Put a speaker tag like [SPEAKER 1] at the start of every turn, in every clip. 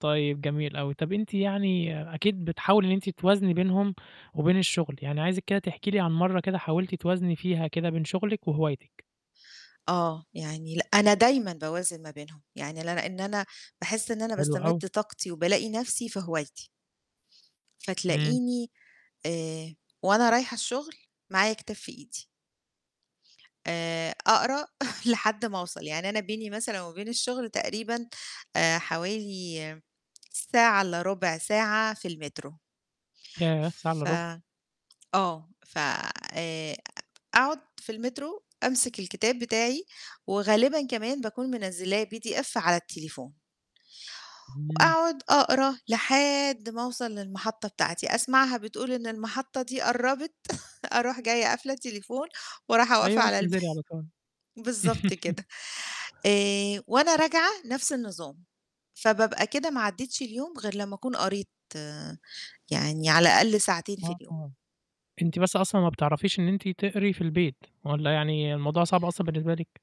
[SPEAKER 1] طيب جميل أوي، طب أنتِ يعني أكيد بتحاولي إن أنتِ توازني بينهم وبين الشغل، يعني عايزِك كده تحكي لي عن مرّة كده حاولتِ توازني فيها كده بين شغلِك وهوايتِك.
[SPEAKER 2] آه يعني لأ أنا دايمًا باوازن ما بينهم، يعني ل لأن أنا باحس إن أنا
[SPEAKER 1] حلو
[SPEAKER 2] باستمد
[SPEAKER 1] أوي.
[SPEAKER 2] طاقتي وبالاقي نفسي في هوايتي.
[SPEAKER 1] امم.
[SPEAKER 2] فتلاقيني آآ وأنا رايحة الشغل معايا كتاب في إيدي. آآ أقرا لحد ما وصل، يعني أنا بيني مثلًا وبين الشغل تقريبًا آآ حوالي ساعة إلا 1/4 ساعة في المترو.
[SPEAKER 1] ياه! ساعة إلا
[SPEAKER 2] ف
[SPEAKER 1] 1/4
[SPEAKER 2] آه ف آآ أ أقعد في المترو، أمسك الكتاب بتاعي وغالبًا كمان باكون منزلاه PDF على التليفون.
[SPEAKER 1] امم.
[SPEAKER 2] وأقعد أقرا لحد ما أوصل للمحطة بتاعتي، أسمعها بتقول إن المحطة دي قربت أروح جاية قافله التليفون ورايحة أقف
[SPEAKER 1] أيوه
[SPEAKER 2] على الب
[SPEAKER 1] وتنزلي على طول.
[SPEAKER 2] بالضبط كده. آآ وأنا راجعة نفس النظام، فبابقى كده ما عدّيتش اليوم غير لمّا أكون قريت يعني على الأقل ساعتين في اليوم.
[SPEAKER 1] [unintelligible] أنتِ بس أصلًا ما بتعرفيش إن أنتِ تقري في البيت؟ والّا يعني الموضوع صعب أصلًا بالنسبة لِك؟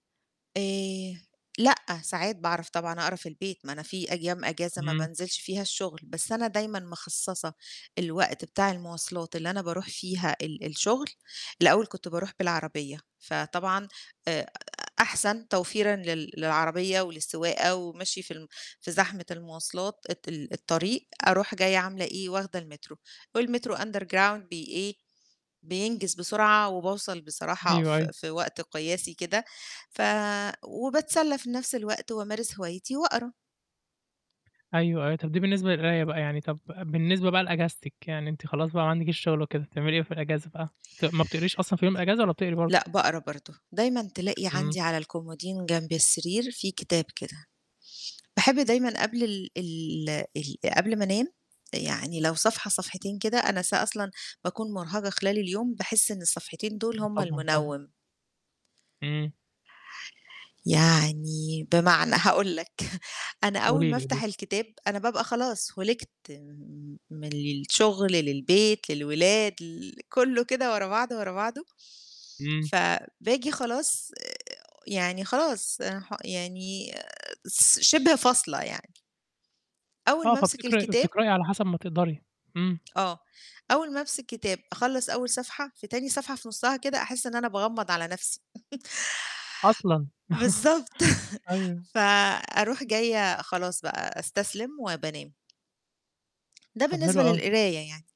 [SPEAKER 2] آآ لأ، ساعات باعرف طبعًا أقرا في البيت، ما أنا في أيام اجازة ما
[SPEAKER 1] امم.
[SPEAKER 2] بانزلش فيها الشغل بس أنا دايمًا مخصصة الوقت بتاع المواصلات اللي أنا باروح فيها ال الشغل الأول كنت باروح بالعربية، فطبعًا آآ أحسن توفيرًا لل للعربية وللسواقة ومشي في ال في زحمة المواصلات الت ال الطريق أروح جاية عاملة إيه؟ واخدة المترو، والمترو Underground بي إيه؟ بينجز بسرعة وباوصل بصراحة
[SPEAKER 1] أيوه
[SPEAKER 2] في
[SPEAKER 1] أيوه.
[SPEAKER 2] في وقت قياسي كده ف وباتسلى في نفْس الوقت وأمارس هوايتي وأقرا.
[SPEAKER 1] أيوه أيوه. طب دي بالنسبة للقراية بقى يعني طب بالنسبة بقى لاجازتِك، يعني أنتِ خلاص بقى ما عندكيش شغل وكده، بتعملي إيه في الاجازة بقى؟ ت ما بتقريش أصلًا في يوم الاجازة والّا بتقري برضو؟
[SPEAKER 2] لأ باقرا برضو، دايمًا تلاقي
[SPEAKER 1] امم.
[SPEAKER 2] عندي على الكومودين جنب السرير في كتاب كده. باحب دايمًا قبل ال ال ال قبل ما أنام، يعني لو صفحة صفحتين كده، أنا ص أصلًا باكون مرهقة خلال اليوم باحس إن الصفحتين دول هُم
[SPEAKER 1] طبعًا طبعًا.
[SPEAKER 2] المنوم.
[SPEAKER 1] امم.
[SPEAKER 2] يعني بمعنى، هاقول لك أنا أول
[SPEAKER 1] قولي
[SPEAKER 2] ما
[SPEAKER 1] لي
[SPEAKER 2] أفتح
[SPEAKER 1] لي.
[SPEAKER 2] الكتاب أنا بابقى خلاص هُلِكت م م من الشغل للبيت للولاد ل كلّه كده ورا بعضه ورا بعضه.
[SPEAKER 1] امم.
[SPEAKER 2] ف باجي خلاص آآ يعني خلاص أنا ح يعني آآ س شبه فاصلة يعني. أول
[SPEAKER 1] آه
[SPEAKER 2] ما أمسك
[SPEAKER 1] فبتقرأي
[SPEAKER 2] الكتاب
[SPEAKER 1] بتقرأي على حسب ما تقدري امم.
[SPEAKER 2] آه، أول ما أمسك كتاب، أخلص أول صفحة في تاني صفحة في نصها كده أحس إن أنا باغمض على نفسي.
[SPEAKER 1] أصلًا!
[SPEAKER 2] بالضبط
[SPEAKER 1] أيوه.
[SPEAKER 2] فأروح جاية خلاص بقى أستسلم وبانام. ده
[SPEAKER 1] طب حلو
[SPEAKER 2] بالنسبة
[SPEAKER 1] أوي.
[SPEAKER 2] للقراية يعني.